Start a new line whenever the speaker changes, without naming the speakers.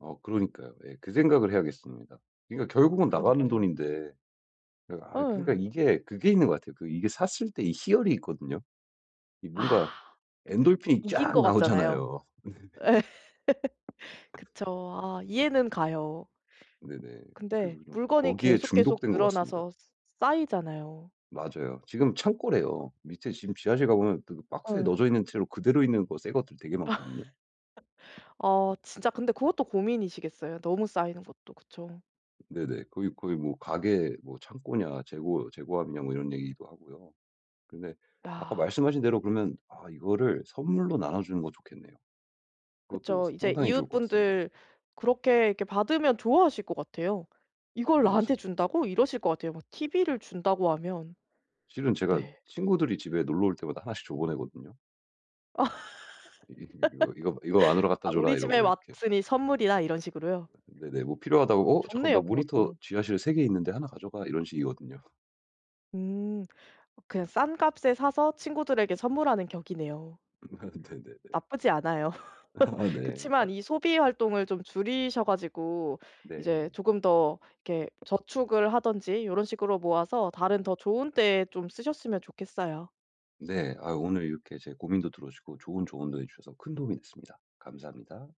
어 그러니까요. 예 그 생각을 해야겠습니다. 그러니까 결국은 나가는
그러니까요.
돈인데 그 아 그러니까
예.
이게 그게 있는 것 같아요. 이게 샀을 때 이 희열이 있거든요. 이
아.
뭔가 엔돌핀이
이긴
쫙
것 같잖아요.
나오잖아요.
예. 그쵸. 아
네.
이해는 가요.
네네. 그래서
근데
좀
물건이
거기에
계속 계속
중독된 것 같습니다.
늘어나서 쌓이잖아요.
맞아요. 지금 창고래요. 밑에 지금 지하실 가 보면 그 박스에
예.
넣어져 있는 채로 그대로 있는 거 새것들 되게 많거든요.
어. 진짜 근데 그것도 고민이시겠어요 너무 쌓이는 것도. 그쵸.
네네. 거기 "거기 뭐 가게 뭐 창고냐. 재고 재고함이냐." 뭐 이런 얘기도 하고요. 근데 아까
아.
말씀하신 대로 그러면 아 이거를 선물로 나눠 주는 거 좋겠네요. 그것도
그쵸. 이제
상당히 좋을 것 같습니다.
이웃분들 그렇게 이렇게 받으면 좋아하실 것 같아요. '이걸
네. 진
나한테 준다고?' 이러실 것 같아요 막 티비를 준다고 하면.
실은 제가
네.
친구들이 집에 놀러 올 때마다 1 씩 줘 보내거든요. 이 이 이거 이거 "이거 안으로 갖다
아 "우리
줘라."
집에
이러고 이렇게.
왔으니 선물이다." 이런 식으로요?
네. 네네. "뭐 필요하다고? 어 잠깐 나
좋네요
모니터
그것도.
지하실에 3 개 있는데 1 가져가." 이런 식이거든요.
음. 그냥 싼 값에 사서 친구들에게 선물하는 격이네요.
네네네.
나쁘지 않아요.
아. 네. 그러니까
그치만 이 소비 활동을 좀 줄이셔 가지고
네.
이제 조금 더 이렇게 저축을 하든지 요런 식으로 모아서 다른 더 좋은 때에 좀 쓰셨으면 좋겠어요.
네. 아 오늘 이렇게 제 고민도 들어 주고 좋은 조언도 해 주셔서 큰 도움이 됐습니다. 감사합니다.